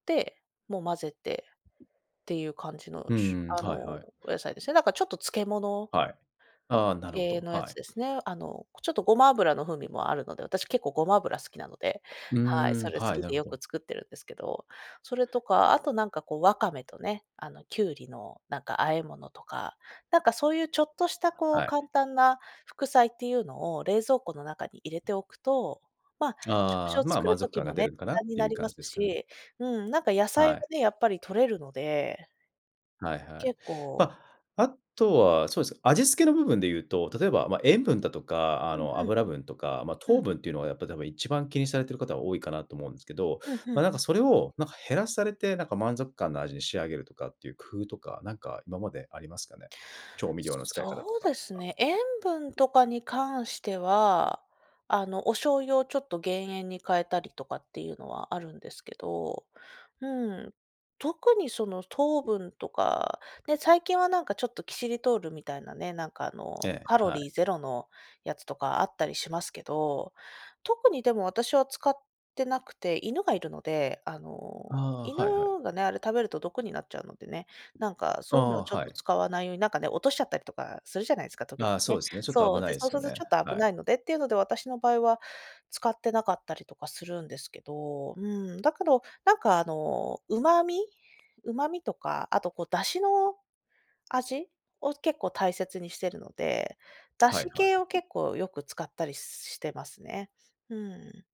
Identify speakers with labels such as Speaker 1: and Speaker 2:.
Speaker 1: で、もう混ぜてっていう感じの、
Speaker 2: うん
Speaker 1: しゅ
Speaker 2: うん、
Speaker 1: あ
Speaker 2: はい
Speaker 1: の、
Speaker 2: はい。
Speaker 1: お野菜ですね。なんかちょっと漬け物
Speaker 2: はい。ああ、なるほど、
Speaker 1: 系のや
Speaker 2: は
Speaker 1: つ
Speaker 2: い。
Speaker 1: ですね。あの、こ、ちょっとごま油の風味もあるので、私結構ごま油好きなので、
Speaker 2: うー
Speaker 1: はい、
Speaker 2: ん、
Speaker 1: それ好
Speaker 2: はい、
Speaker 1: き
Speaker 2: なる
Speaker 1: で
Speaker 2: ほ
Speaker 1: よ
Speaker 2: ど。
Speaker 1: く作ってるんですけど。それとかあとなんか、こう、わかめとね、あの、キュウリのなんか和え物とか、なんかそういうちょっとした、こう、
Speaker 2: はい。
Speaker 1: 簡単な副菜っていうのを冷蔵庫の中に入れておくと、ま、食事
Speaker 2: ああ、
Speaker 1: を
Speaker 2: ま、
Speaker 1: 作る
Speaker 2: 満足
Speaker 1: 時
Speaker 2: 感が
Speaker 1: も
Speaker 2: 出
Speaker 1: ね、
Speaker 2: るんかなっ
Speaker 1: 短に
Speaker 2: てい
Speaker 1: な
Speaker 2: う
Speaker 1: り
Speaker 2: 感
Speaker 1: ま
Speaker 2: じ
Speaker 1: す
Speaker 2: ですかね？
Speaker 1: し、うん、なんか野菜
Speaker 2: は
Speaker 1: が
Speaker 2: い。
Speaker 1: ね、やっぱり取れるので
Speaker 2: はいはい。
Speaker 1: 結構
Speaker 2: ま、あとは、そうすね、味付けの部分で言うと、例えば、ま、塩分だとか、あ
Speaker 1: うん、
Speaker 2: の、
Speaker 1: ふん。
Speaker 2: 脂分とか、ま、
Speaker 1: う
Speaker 2: 糖
Speaker 1: ん。
Speaker 2: 分っていうのは、やっぱ多分一番気にされている方、多いかなと思うんすけど、
Speaker 1: うん、ふん、う
Speaker 2: ま、なんか
Speaker 1: ん。
Speaker 2: それをなんか減らされて、なんか満足感の味に仕上げるとかっていう工夫とか、なんか今までありますかね？調味料の使い方と
Speaker 1: そう
Speaker 2: か。
Speaker 1: です
Speaker 2: あ。
Speaker 1: ね、塩分とかに関しては、あの、お醤油をちょっと減塩に変えたりとかっていうのは、あるんですけど、うん、特にその糖分とかね、最近はなんかちょっとキシリトールみたいなね、なんか、あの、
Speaker 2: え
Speaker 1: カ
Speaker 2: え、
Speaker 1: ロ
Speaker 2: は
Speaker 1: リ
Speaker 2: い。
Speaker 1: ーゼロのやつとかあったりしますけど、特にでも私は使ってなくて、犬がいるので、あの、
Speaker 2: ああ、
Speaker 1: 犬
Speaker 2: はいはい。
Speaker 1: がね、あれ食べると毒になっちゃうのでね、なんか
Speaker 2: あ
Speaker 1: そういうのは
Speaker 2: あ、
Speaker 1: ちょっ
Speaker 2: は
Speaker 1: と
Speaker 2: い。
Speaker 1: 使わないように、なんかね、落としちゃったりとかするじゃないすか、時ど
Speaker 2: ああ、そう
Speaker 1: ね。
Speaker 2: ですね、ちょっと危
Speaker 1: そう、
Speaker 2: ない
Speaker 1: で、
Speaker 2: で
Speaker 1: そう
Speaker 2: す
Speaker 1: す
Speaker 2: よ
Speaker 1: るとち
Speaker 2: ね。
Speaker 1: ょっと危
Speaker 2: はい。
Speaker 1: ないのでっていうので、私の場合は使ってなかったりとかするんですけど。うん、だけどなんか、あの、旨味？旨味とか、あとこう、出汁の味？を結構大切にしてるので、出
Speaker 2: はい
Speaker 1: 汁
Speaker 2: は
Speaker 1: 系を
Speaker 2: い。
Speaker 1: 結構よく使ったりしてますね。うん。